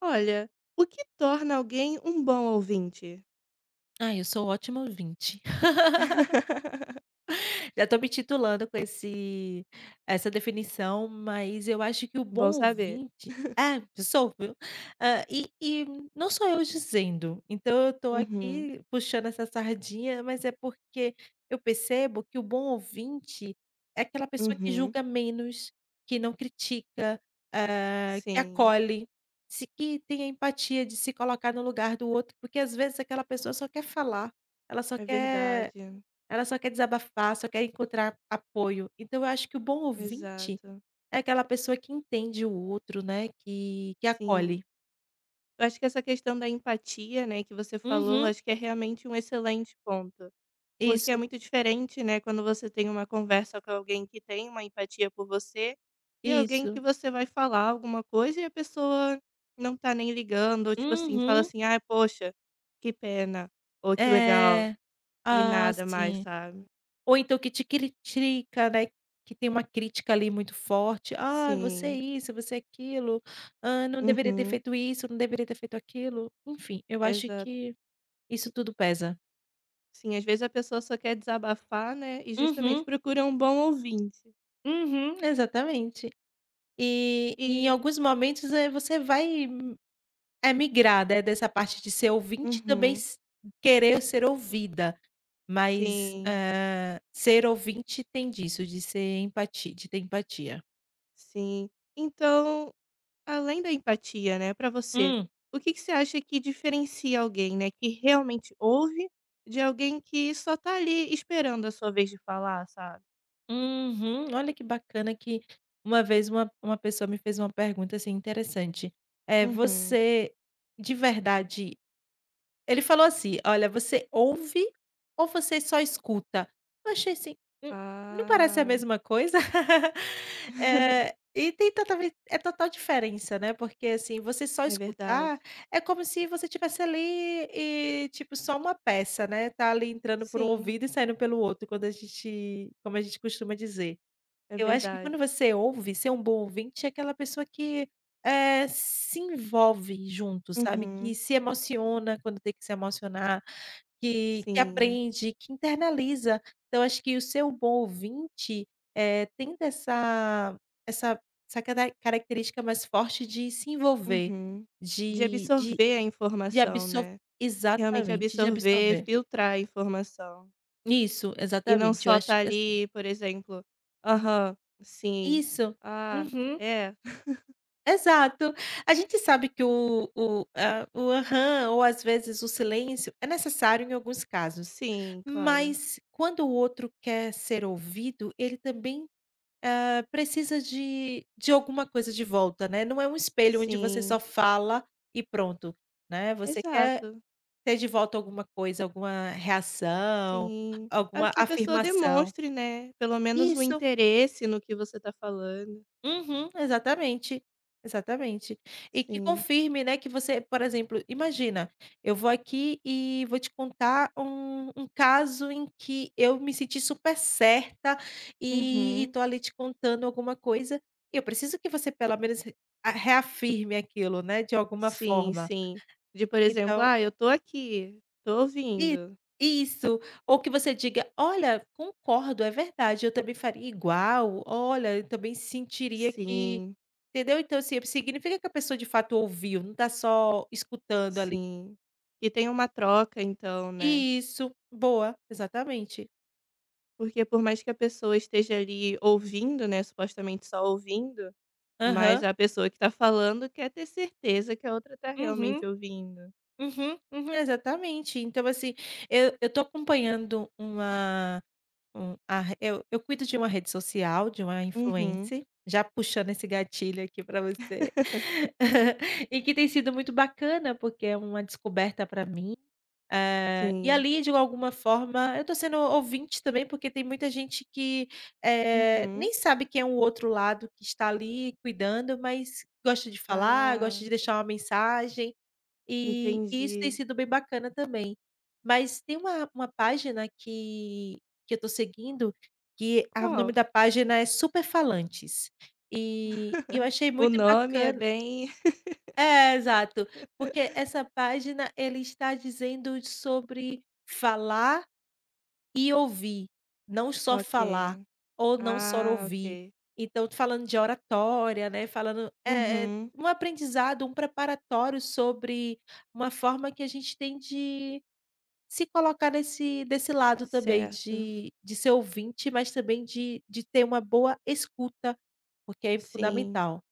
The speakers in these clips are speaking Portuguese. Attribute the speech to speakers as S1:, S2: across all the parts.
S1: Olha, o que torna alguém um bom ouvinte?
S2: Ai, eu sou ótimo ouvinte. Já estou me titulando com esse essa definição, mas eu acho que o
S1: Bom
S2: bom
S1: saber.
S2: ouvinte é, sou, viu. Hã, e e não só eu dizendo, então eu estou
S1: Uhum.
S2: aqui puxando essa sardinha, mas é porque eu percebo que o bom ouvinte é aquela pessoa que
S1: Uhum.
S2: julga menos, que não critica, hã, que
S1: Sim.
S2: acolhe, se que tem empatia de se colocar no lugar do outro, porque às vezes aquela pessoa só quer falar, ela só
S1: É
S2: quer
S1: verdade.
S2: ela só quer desabafar, só quer encontrar apoio, então eu acho que o bom ouvinte
S1: Exato.
S2: é aquela pessoa que entende o outro, né, que que
S1: Sim.
S2: acolhe.
S1: Eu acho que essa questão da empatia, né, que você falou,
S2: Uhum.
S1: acho que é realmente um excelente ponto, porque é
S2: Isso.
S1: muito diferente, né, quando você tem uma conversa com alguém que tem uma empatia por você e alguém que
S2: Isso.
S1: você vai falar alguma coisa e a pessoa não está nem ligando, ou tipo assim, fala
S2: Uhum.
S1: assim: "Ai, poxa, que pena" ou "que legal"
S2: É.
S1: e
S2: Ah,
S1: nada mais
S2: sim.
S1: sabe.
S2: Ou então que te critica, né, que tem uma crítica, ali, muito forte: "Ah, você é
S1: Sim.
S2: isso, você é aquilo, hã, não deveria ter
S1: Uhum.
S2: feito isso, não deveria ter feito aquilo", enfim, eu acho
S1: Exato.
S2: que isso tudo pesa.
S1: Sim, às vezes a pessoa só quer desabafar, né, e justamente
S2: Uhum.
S1: procura um bom ouvinte.
S2: Uhum, exatamente. E em
S1: E
S2: alguns momentos, eh, você vai, eh, migrar de dessa parte de ser ouvinte e também
S1: Uhum.
S2: s Querer ser ouvida, mas,
S1: Sim.
S2: hã, ser ouvinte tem disso, de ser empati de ter empatia.
S1: Sim. Então além da empatia, né, para você,
S2: Hum.
S1: o que que você acha que diferencia alguém, né, que realmente ouve de alguém que só tá ali esperando a sua vez de falar, sabe?
S2: Uhum, olha que bacana que uma vez uma uma pessoa me fez uma pergunta assim, interessante: "Eh,
S1: Uhum.
S2: você" De verdade, ele falou assim: "Olha, você ouve ou você só escuta?". Eu achei assim: "Hum, não parece a
S1: Ah.
S2: mesma coisa?". Eh, e tem totalmen É total diferença, né, porque assim, você só
S1: É
S2: escutar,
S1: verdade.
S2: é como se você estivesse ali e, tipo, só uma peça, né, tá ali entrando por um
S1: Sim.
S2: ouvido e saindo pelo outro quando a gente como a gente costuma dizer.
S1: É
S2: Eu acho que
S1: verdade.
S2: quando você ouve, ser um bom ouvinte é aquela pessoa que, eh, se envolve junto, sabe, que
S1: Uhum.
S2: se emociona quando tem que se emocionar, que que
S1: Sim.
S2: aprende, que internaliza. Então eu acho que o ser o bom ouvinte, eh, tendo essa essa essa cara característica mais forte de se envolver,
S1: Uhum. De
S2: de de
S1: absorver a
S2: de
S1: informação,
S2: abso
S1: né. Realmente
S2: Exatamente, de
S1: absorver,
S2: absorver.
S1: filtrar a informação.
S2: Isso,
S1: E não
S2: exatamente, eu
S1: só
S2: acho
S1: estar
S2: que é assim.
S1: ali, por exemplo: "Aham, sim,
S2: Isso,
S1: ah,
S2: uhum.
S1: é".
S2: Exato, a gente sabe que o o a o aham, ou, às vezes, o silêncio é necessário em alguns casos,
S1: Sim, claro.
S2: mas quando o outro quer ser ouvido, ele também, hã, precisa de de alguma coisa de volta, né, não é um espelho onde você só
S1: Sim.
S2: fala e pronto, né, você quer
S1: Exato.
S2: ter de volta alguma coisa, alguma reação,
S1: Sim, a
S2: alguma
S1: que a pessoa
S2: afirmação.
S1: demonstre, né, pelo menos o
S2: Isso.
S1: interesse no que você tá falando.
S2: Uhum, exatamente, exatamente, e que
S1: Sim.
S2: confirme, né, que você por exemplo, imagina, eu vou aqui e vou te contar um um caso em que eu me senti super certa e e
S1: Uhum.
S2: tô ali te contando alguma coisa, e eu preciso que você pelo menos re reafirme aquilo, né, de alguma
S1: Sim,
S2: forma,
S1: sim. De, por exemplo:
S2: então.
S1: "Ah, eu tô aqui, tô
S2: I
S1: ouvindo".
S2: isso, ou que você diga: "Olha, concordo, é verdade, eu também faria igual. Olha, eu também sentiria que",
S1: Sim.
S2: entendeu, então, assim, significa que a pessoa de fato ouviu, não tá só escutando ali.
S1: Sim, que tem uma troca, então, né.
S2: Isso, boa, exatamente.
S1: Porque por mais que a pessoa esteja ali ouvindo, né, supostamente só ouvindo, mas
S2: Aham.
S1: a pessoa que tá falando quer ter certeza que a outra tá
S2: Uhum,
S1: realmente ouvindo.
S2: uhum, uhum, exatamente. Então, assim, eu eu tô acompanhando uma um a re eu eu cuido de uma rede social, de uma
S1: Uhum.
S2: influencer, já puxando esse gatilho aqui para você e que tem sido muito bacana porque é uma descoberta para mim, eh, e
S1: Sim.
S2: ali, de alguma forma, eu tô sendo ouvinte também porque tem muita gente que, eh,
S1: Uhum.
S2: nem sabe quem é o outro lado que está ali cuidando, mas gosta de falar, gosta
S1: Ah.
S2: de deixar uma mensagem, e e isso tem
S1: Entendi.
S2: sido bem bacana também. Mas tem uma uma página que que eu tô seguindo, que a o nome
S1: Qual?
S2: da página é super falantes, e e eu achei
S1: O
S2: muito
S1: nome é
S2: bacana
S1: bem
S2: É, exato, porque essa página ele está dizendo sobre falar e ouvir, não só falar
S1: Ok,
S2: ou não só
S1: ah,
S2: ouvir.
S1: ok.
S2: Então tô falando de oratória, né, falando é é
S1: Uhum.
S2: um aprendizado, um preparatório sobre uma forma que a gente tem de se colocar nesse desse lado também
S1: Certo.
S2: de de ser ouvinte, mas também de de ter uma boa escuta, porque é
S1: Sim.
S2: fundamental.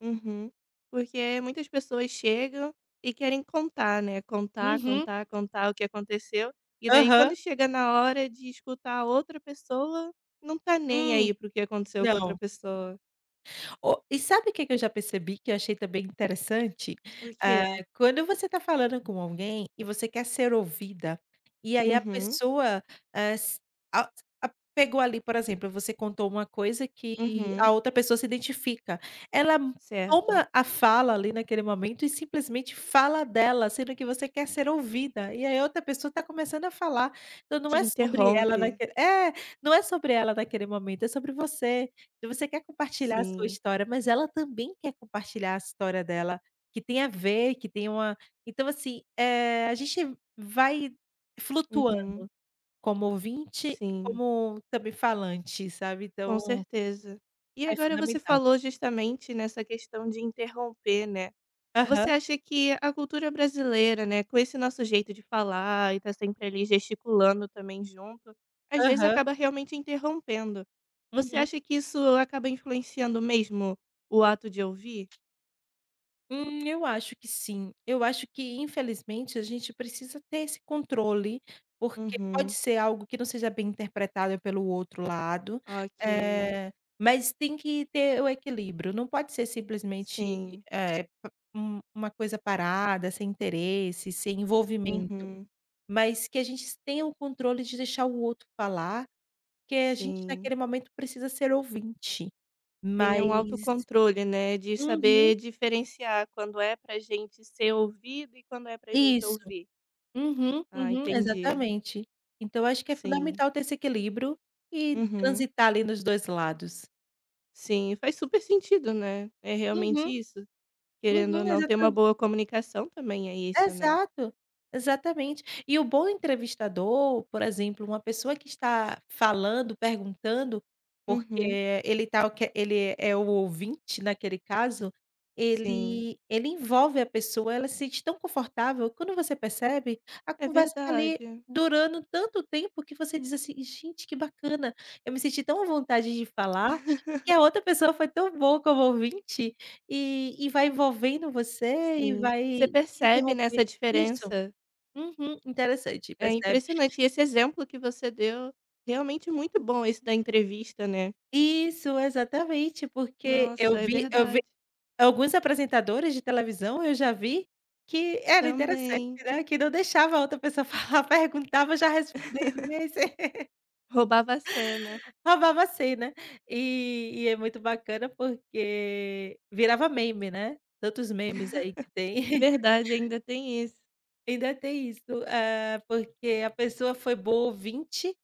S1: Uhum. Porque muitas pessoas chegam e querem contar, né, contar,
S2: Uhum.
S1: contar, contar o que aconteceu, e daí
S2: Aham.
S1: quando chega na hora de escutar a outra pessoa, não tá nem
S2: Hum,
S1: aí para o que aconteceu com outra
S2: não.
S1: pessoa.
S2: Ó, e sabe o que que eu já percebi que eu achei também interessante?
S1: Por
S2: Eh,
S1: quê?
S2: quando você está falando com alguém, e você quer ser ouvida, e aí a
S1: Uhum.
S2: pessoa, eh, se a a pegou ali por exemplo, você contou uma coisa que
S1: Uhum.
S2: a outra pessoa se identifica, ela
S1: Certo.
S2: toma a fala ali naquele momento e simplesmente fala dela sendo que você quer ser ouvida e aí outra pessoa está começando a falar. Então não
S1: Te
S2: é sobre ela
S1: interrompe.
S2: naquele é, não é sobre ela naquele momento, é sobre você. Então você quer compartilhar a sua
S1: Sim.
S2: história mas ela também quer compartilhar a história dela, que tem a ver, que tem uma então assim, eh, a gente vai flutuando,
S1: Uhum.
S2: como ouvinte e
S1: Sim.
S2: como também falante sabe
S1: Com
S2: então
S1: certeza e
S2: é
S1: agora você
S2: fundamental.
S1: falou justamente nessa questão de interromper, né, você
S2: Aham.
S1: acha que a cultura brasileira, né, com esse nosso jeito de falar e está sempre ali gesticulando também junto, às vezes
S2: Aham.
S1: acaba realmente interrompendo. Você
S2: Uhum.
S1: acha que isso acaba influenciando mesmo o ato de ouvir?
S2: Hum, eu acho que sim, eu acho que infelizmente a gente precisa ter esse controle, porque pode
S1: Uhum.
S2: ser algo que não seja bem interpretado pelo outro lado,
S1: Ok.
S2: eh, mas tem que ter o equilíbrio, não pode ser simplesmente,
S1: Sim.
S2: eh, pa um uma coisa parada, sem interesse, sem envolvimento
S1: Uhum.
S2: mas que a gente tenha o controle de deixar o outro falar, porque a gente
S1: Sim.
S2: naquele momento precisa ser ouvinte,
S1: Tenha um
S2: mas.
S1: autocontrole, né, de
S2: Uhum.
S1: saber diferenciar quando é para gente ser ouvido e quando é para gente
S2: Isso,
S1: ouvir.
S2: uhum,
S1: Ah,
S2: uhum,
S1: entendi.
S2: exatamente, então eu acho que é
S1: Sim.
S2: fundamental ter esse equilíbrio e
S1: Uhum.
S2: transitar ali nos 2 lados.
S1: Sim, faz super sentido, né, é realmente
S2: Uhum,
S1: isso, querendo ou
S2: uhum,
S1: não ter uma
S2: exata
S1: boa comunicação também é isso, né.
S2: Exato, exatamente, e o bom entrevistador, por exemplo, uma pessoa que está falando, perguntando,
S1: Uhum.
S2: porque ele está o que ele é o ouvinte naquele caso,
S1: Sim.
S2: ele ele envolve a pessoa, ela se sente tão confortável, quando você percebe, a
S1: É
S2: conversa está ali
S1: verdade.
S2: durando tanto tempo que você diz assim: "Gente que bacana, eu me senti tão vontade de falar, porque a outra pessoa foi tão boa como ouvinte" e e vai envolvendo você, e
S1: Sim.
S2: vai
S1: Você
S2: te
S1: percebe, né,
S2: interromper,
S1: essa
S2: isso,
S1: diferença.
S2: uhum, interessante
S1: É
S2: percebe.
S1: impressionante esse exemplo que você deu, realmente muito bom esse da entrevista, né.
S2: Isso exatamente porque eu
S1: Nossa, é
S2: vi eu vi
S1: verdade.
S2: alguns apresentadores de televisão eu já vi, que era interessante,
S1: Também.
S2: né, que não deixava a outra pessoa falar, perguntava já respondendo [unintelligible]
S1: Roubava a cena.
S2: Roubava a cena, e e é muito bacana porque, virava meme, né, tantos memes aí que tem.
S1: Verdade, ainda tem isso.
S2: Ainda tem isso, hã, porque a pessoa foi boa ouvinte,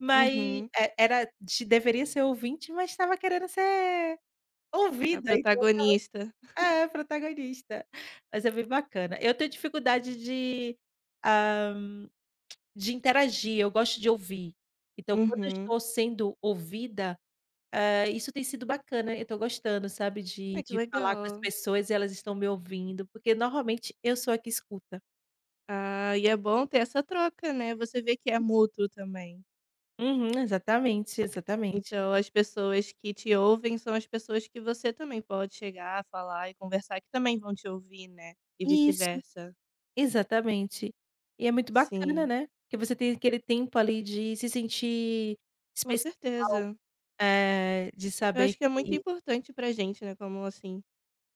S2: mas
S1: Uhum.
S2: é era te deveria ser ouvinte, mas estava querendo ser
S1: A
S2: ouvida.
S1: protagonista.
S2: É, protagonista, mas é bem bacana. Eu tenho dificuldade de, hã, de interagir, eu gosto de ouvir. Então, quando eu
S1: Uhum.
S2: estou sendo ouvida, hã, isso tem sido bacana, eu tô gostando, sabe, de
S1: Ai, que
S2: de falar com as
S1: legal.
S2: pessoas e elas estão me ouvindo, porque normalmente eu sou a que escuta.
S1: Ah, e é bom ter essa troca, né, você vê que é mútuo também.
S2: Uhum, exatamente, exatamente.
S1: Então, as pessoas que te ouvem são as pessoas que você também pode chegar, falar e conversar, e que também vão te ouvir, né, e
S2: Isso,
S1: vice-versa.
S2: exatamente. E é muito bacana,
S1: Sim.
S2: né? Porque você tem aquele tempo ali de se sentir
S1: Com
S2: especial,
S1: certeza.
S2: eh, de
S1: Eu
S2: saber
S1: acho que é muito
S2: que
S1: importante pra gente, né, como, assim,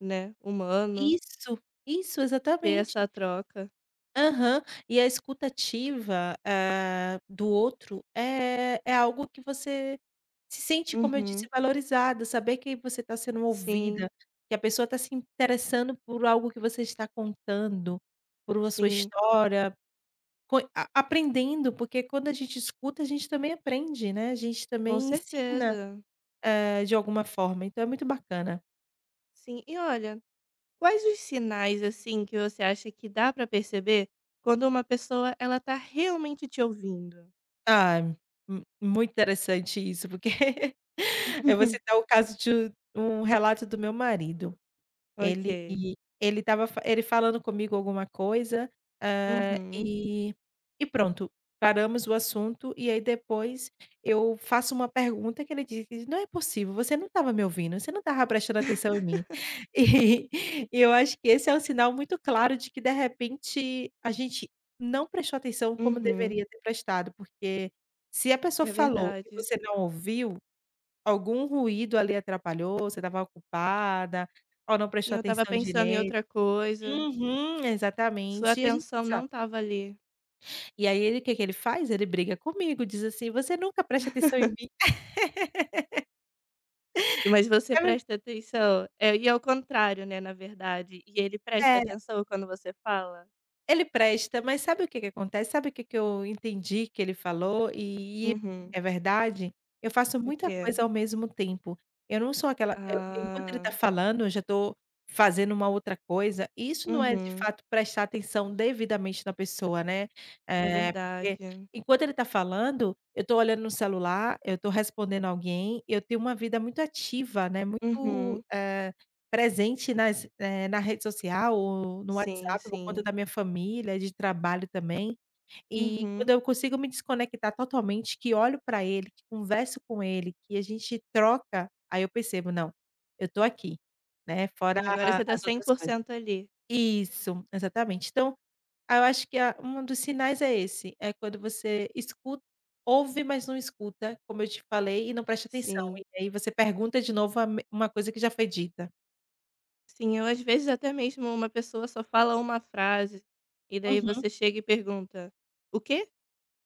S1: né, humano
S2: Isso, isso,
S1: ter
S2: exatamente.
S1: essa troca.
S2: Aham, e a escuta ativa, hã, do outro, é é algo que você se sente, como eu disse,
S1: Uhum.
S2: valorizado, saber que você tá sendo
S1: Sim.
S2: ouvida, que a pessoa tá se interessando por algo que você está contando, por uma sua
S1: Sim.
S2: história, coi a aprendendo, porque quando a gente escuta a gente também aprende, né, a gente
S1: Com
S2: também ensina,
S1: certeza.
S2: hã, de alguma forma, então é muito bacana.
S1: Sim, e olha, quais os sinais, assim, que você acha que dá pra perceber quando uma pessoa, ela tá realmente te ouvindo?
S2: Time, mu muito interessante isso, porque eu vou citar o caso de u um relato do meu marido. Ele
S1: Ok.
S2: ele estava ele falando comigo alguma coisa, hã,
S1: Uhum.
S2: e e pronto, paramos o assunto, e aí, depois, eu faço uma pergunta que ele diz: "Não é possível, você não estava me ouvindo. Você não estava prestando atenção em mim". E e eu acho que esse é um sinal muito claro de que, de repente, a gente não prestou atenção como
S1: Uhum.
S2: deveria ter prestado porque, se a pessoa
S1: É
S2: falou e
S1: verdade.
S2: você não ouviu, algum ruído ali atrapalhou, você estava ocupada ou não
S1: "Sim,
S2: prestou
S1: eu estava
S2: atenção
S1: pensando em
S2: direito.
S1: outra coisa".
S2: Uhum,
S1: Sua
S2: exatamente, e a gente
S1: atenção não
S2: [unintelligible]
S1: estava ali.
S2: E aí ele, o que que ele faz? Ele briga comigo, diz assim: "Você nunca presta atenção em mim".
S1: Mas você
S2: É ver
S1: presta atenção? Eh, e ao contrário, né, na verdade, e ele presta
S2: Era.
S1: atenção quando você fala?
S2: Ele presta, mas sabe o que que acontece? Sabe o que que eu entendi que ele falou e
S1: Uhum.
S2: é verdade, eu faço
S1: O
S2: muita
S1: quê?
S2: coisa ao mesmo tempo. Eu não sou aquela eu Enquanto ele
S1: Ah.
S2: tá falando, eu já tô fazendo uma outra coisa, isso não é de
S1: Uhum.
S2: fato prestar atenção devidamente na pessoa, né,
S1: É
S2: eh, porque
S1: verdade.
S2: enquanto ele está falando, eu tô olhando no celular, eu tô respondendo alguém, eu tenho uma vida muito ativa, né, muito,
S1: Uhum.
S2: eh, presente nas eh, na rede social ou no
S1: Sim,
S2: WhatsApp, por conta
S1: sim.
S2: da minha família, de trabalho também, e quando
S1: Uhum.
S2: eu consigo me desconectar totalmente que olho pra ele, que converso com ele, que a gente troca, aí eu percebo: "Não, eu estou aqui", né, fora
S1: Sim, agora
S2: a
S1: você tá
S2: as
S1: cem
S2: outras
S1: por
S2: coisas.
S1: cento ali.
S2: Isso, exatamente, então, aí eu acho que a um dos sinais é esse, é quando você escu ouve, mas não escuta, como eu te falei, e não presta atenção,
S1: Sim.
S2: e aí você pergunta de novo a me uma coisa que já foi dita.
S1: Sim, eu às vezes até mesmo uma pessoa só fala uma frase, e daí
S2: Uhum.
S1: você chega e pergunta: "O quê?".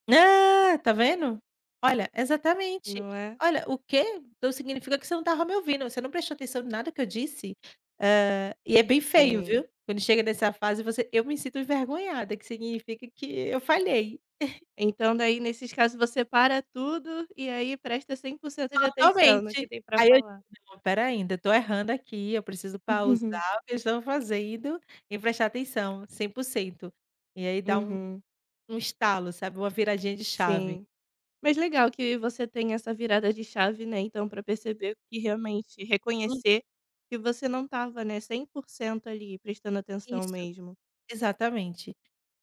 S2: Nã tá vendo? Olha, exatamente.
S1: Não é?
S2: Olha: "O quê? Então significa que você não estava me ouvindo, você não prestou atenção em nada que eu disse?", hã, e é bem feio,
S1: Sim.
S2: viu, quando chega nessa fase, você eu me sinto envergonhada, que significa que eu falhei.
S1: Então, daí, nesses casos, você para tudo e aí presta 100% de atenção no que
S2: Totalmente.
S1: tem para
S2: Aí eu
S1: falar.
S2: digo: "Espera aí, ainda estou errando aqui, eu preciso pausar o que eu estou fazendo e prestar atenção 100%". E aí dá um
S1: Uhum.
S2: um estalo, sabe, uma viradinha de chave.
S1: Sim. Mas legal que você tenha essa virada de chave, né, então para perceber e realmente
S2: Uhum.
S1: reconhecer que você não estava, né, 100% ali, prestando atenção
S2: Isso,
S1: mesmo.
S2: exatamente.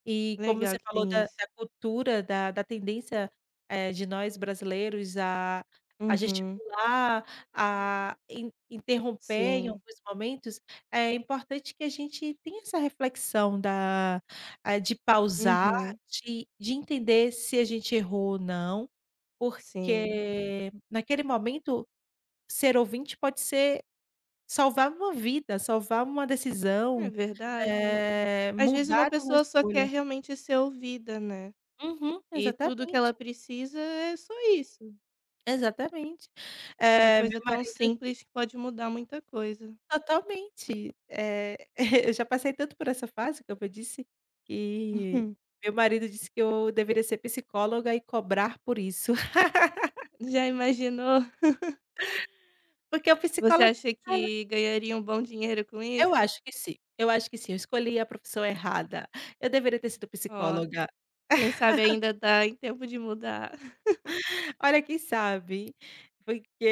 S2: E como
S1: Legal
S2: você
S1: que
S2: falou
S1: tem
S2: da
S1: isso.
S2: da cultura, da da tendência, eh, de nós brasileiros a a
S1: Uhum.
S2: gesticular, a in interromper em
S1: Sim.
S2: alguns momentos, é importante que a gente tenha essa reflexão da ah, de pausar,
S1: Uhum.
S2: de de entender se a gente errou ou não,
S1: Sim.
S2: porque naquele momento, ser ouvinte pode ser salvar uma vida, salvar uma
S1: É
S2: decisão,
S1: verdade.
S2: eh,
S1: Às vezes uma
S2: mudar uma
S1: pessoa só quer
S2: escolha.
S1: realmente ser ouvida, né,
S2: Uhum,
S1: e tudo que
S2: exatamente.
S1: ela precisa é só isso.
S2: Exatamente.
S1: Uma
S2: Eh,
S1: coisa
S2: meu
S1: tão
S2: marido
S1: simples que pode mudar muita coisa.
S2: Totalmente, eh, eu já passei tanto por essa fase, como eu disse, que
S1: Uhum.
S2: meu marido disse que eu deveria ser psicóloga e cobrar por isso.
S1: Já imaginou.
S2: Porque o psicólogo
S1: Você acha
S2: [unintelligible]
S1: que ganharia um bom dinheiro com
S2: Eu
S1: isso?
S2: acho que sim eu acho que sim, eu escolhi a profissão errada, eu deveria ter sido
S1: Ó,
S2: psicóloga.
S1: quem sabe ainda tá em tempo de mudar.
S2: Olha, quem sabe,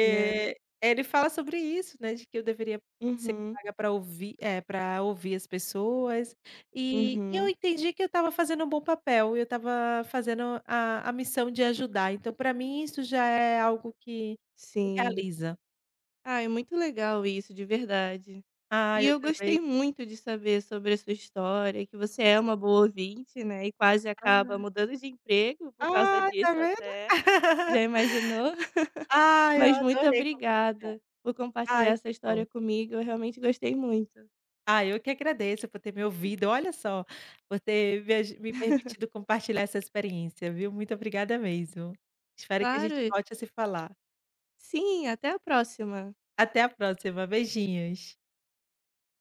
S1: Né.
S2: ele fala sobre isso, né, de que eu deveria ser
S1: Uhum.
S2: paga para ouvir, eh, para ouvir as pessoas. E e eu
S1: Uhum.
S2: entendi que eu estava fazendo um bom papel, eu estava fazendo a a missão de ajudar. Então, para mim, isso já é algo que me
S1: Sim.
S2: realiza.
S1: Ah, é muito legal isso, de verdade,
S2: Ai,
S1: e
S2: eu
S1: eu gostei
S2: também.
S1: muito de saber sobre a sua história, que você é uma boa ouvinte, né. E quase acaba
S2: [unintelligible]
S1: mudando de emprego por causa
S2: Ai, está
S1: disso
S2: vendo.
S1: até, já imaginou.
S2: Ai, eu
S1: Mas muito
S2: adorei compartilhar.
S1: obrigada por compartilhar
S2: Ai,
S1: essa
S2: que bom.
S1: história comigo. Eu realmente gostei muito.
S2: Ah, eu que agradeço por ter me ouvido, olha só, por ter me aju me permitido compartilhar essa experiência, viu, muito obrigada mesmo. Espero que a gente
S1: Claro.
S2: volte a se falar.
S1: Sim, até a próxima.
S2: Até a próxima, beijinhos.